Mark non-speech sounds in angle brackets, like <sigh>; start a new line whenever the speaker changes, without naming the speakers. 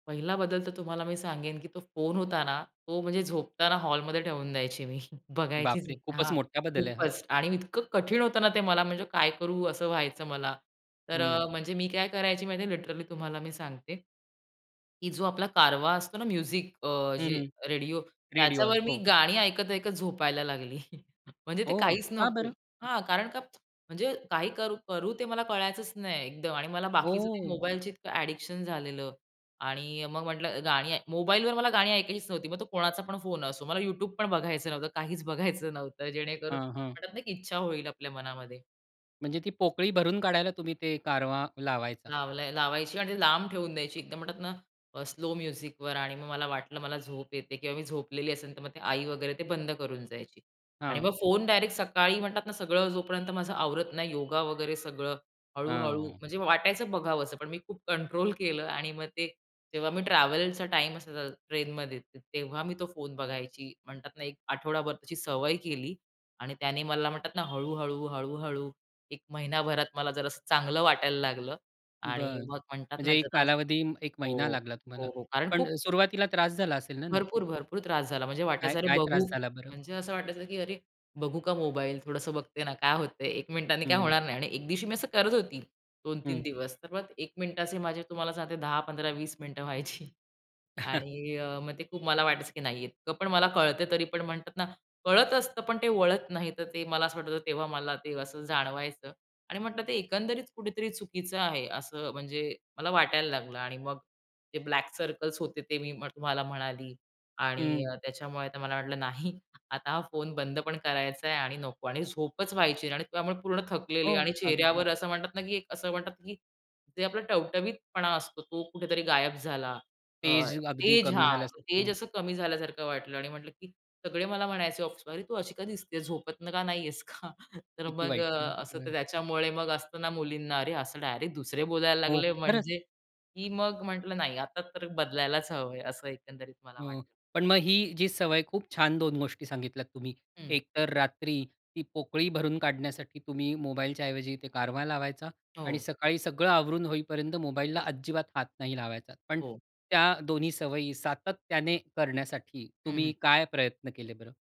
पहिला बदल तर तुम्हाला मी सांगेन, की तो फोन होता ना, तो म्हणजे झोपताना हॉलमध्ये ठेवून द्यायची मी, <chuckles> बघायचीच
बापरे!
नाही.
खूपच
हां,
मोठा बदल आहे हा.
खूपच. आणि इतकं कठीण होतं ना ते मला म्हणजे काय करू असं व्हायचं मला. तर
हं.
अ, म्हणजे मी काय करायची माहितीये लिटरली तुम्हाला मी सांगते, की जो आपला कारवा असतो ना म्युझिक अ,
हं,
जे
हं.
Radio
radio.
त्याच्यावर मी
हो.
गाणी ऐकत-ऐकत झोपायला लागली. <chuckles> म्हणजे ते
हो,
काहीच
का
नको.
बरं?
हां, कारण का म्हणजे काही करू करू ते मला कळायचंच नाही एकदम आणि बाकीचं ते
ओह!
मोबाईलच इतकं अ‍ॅडिक्शन झालेलं आणि मग म्हंटलं गाणी ऐ मोबाईलवर मला गाणी ऐकायचीच नव्हती, मग तो कोणाचा पण फोन असो, मला YouTube पण बघायचं नव्हतं, काहीच बघायचं नव्हतं, जेणेकरून
हां, हां.
वाटतं नाही की इच्छा होईल आपल्या मनामध्ये.
म्हणजे ती पोकळी भरून काढायला तुम्ही ते कारवा लावायचा?
लावलाय, लावायची आणि ते लांब ठेवून द्यायची एकदम म्हणतात ना, अ, स्लो म्युझिकवर आणि मग मला वाटलं मला झोप येते किंवा मी झोपलेली असेल, तर मग ते आई वगैरे ते बंद करून जायची आणि मग
हां.
फोन डायरेक्ट सकाळी म्हणतात ना सगळं जोपर्यंत माझं आवरत नाही योगा वगैरे सगळं, हळू-हळू
हां.
म्हणजे वाटायचं बघावसं, पण मी खूप कंट्रोल केलं आणि मग ते जेव्हा मी ट्रॅव्हलचा टाईम असायचा ट्रेनमध्ये तेव्हा मी तो फोन बघायची म्हणतात ना, एक आठवडाभर त्याची सवय केली आणि त्याने मला म्हणतात ना हळू-हळू, हळू-हळू 1 महिनाभरात मला जरा असं चांगलं वाटायला लागलं आणि
बरं.
मग म्हणतात ना
म्हणजे एक
जरा
कालावधी 1 महिना
हो,
लागला तुम्हाला.
हो कारण
पण
खूप
सुरुवातीला त्रास झाला असेल ना नक्कीच?
भरपूर, भरपूर त्रास झाला. म्हणजे वाटायचं अरे,
काय-काय त्रास
बघू
झाला बरं?
म्हणजे असं वाटायचं की अरे, बघू का मोबाईल, थोडंसं बघते ना, काय होतंय, 1 मिनिटानी काय
हं.
होणार नाही आणि 1 दिवशी मी असं करत होती. 2 ते 3
हं.
दिवस तर मग 1 मिनिटाचे माझे तुम्हाला सांगते 10, 15, 20 मिनिटं व्हायची.
<chuckles>
आणि अ, मग ते खूप मला वाटायचं की नाही इतकं पण मला कळतंय, तरी पण म्हणतात ना, कळत असतं, पण ते वळत नाही, तर ते मला असं वाटायचं तेव्हा मला ते असं जाणवायचं आणि म्हटलं ते एकंदरीत कुठेतरी चुकीचं आहे, असं म्हणजे मला वाटायला लागलं आणि मग ते ब्लॅक सर्कल्स होते, ते मी तुम्हाला म्हणाली. आणि
हं.
त्याच्यामुळे आता मला वाटलं नाही. आता हा फोन बंद पण करायचाय आणि नको आणि झोपच व्हायची नाही आणि त्यामुळे पूर्ण थकलेली आहे
हो,
आणि
अगदी.
चेहऱ्यावर असं म्हणतात ना की असं म्हणतात की जे आपला टवटवीतपणा असतो, तो कुठेतरी गायब झाला. अ,
तेज अगदी
तेज
कमी
हां, तेज
झाल्यासारखं.
असं कमी झाल्यासारखं वाटलं आणि म्हटलं की सगळे मला म्हणायचे ऑफिसमध्ये अरे, तू अशी का दिसतेस, झोपत का नाही आहेस का? तर
किती
मग
वाईट ना.
असं तर
हं.
त्याच्यामुळे मग असतं ना मुलींना अरे, असं डायरेक्ट दुसरे बोलायला
हो,
लागले
खरंच.
म्हणजे, की मग म्हटलं, "नाही, आता तर बदलायलाच हवंय," असं एकंदरीत मला
अ,
वाटलं.
पण मग ही जी सवय खूप छान 2 गोष्टी सांगितल्यात तुम्ही.
हं.
एकतर रात्री ती पोकळी भरून काढण्यासाठी तुम्ही मोबाईलच्याऐवजी ते कारवा लावायचा आणि
हो.
सकाळी सगळं आवरून होईपर्यंत मोबाईलला अजिबात हात नाही लावायचा, पण
हो.
त्या दोन्ही सवयी सातत्याने करण्यासाठी
हं,
तुम्ही
हं.
काय प्रयत्न केले बरं?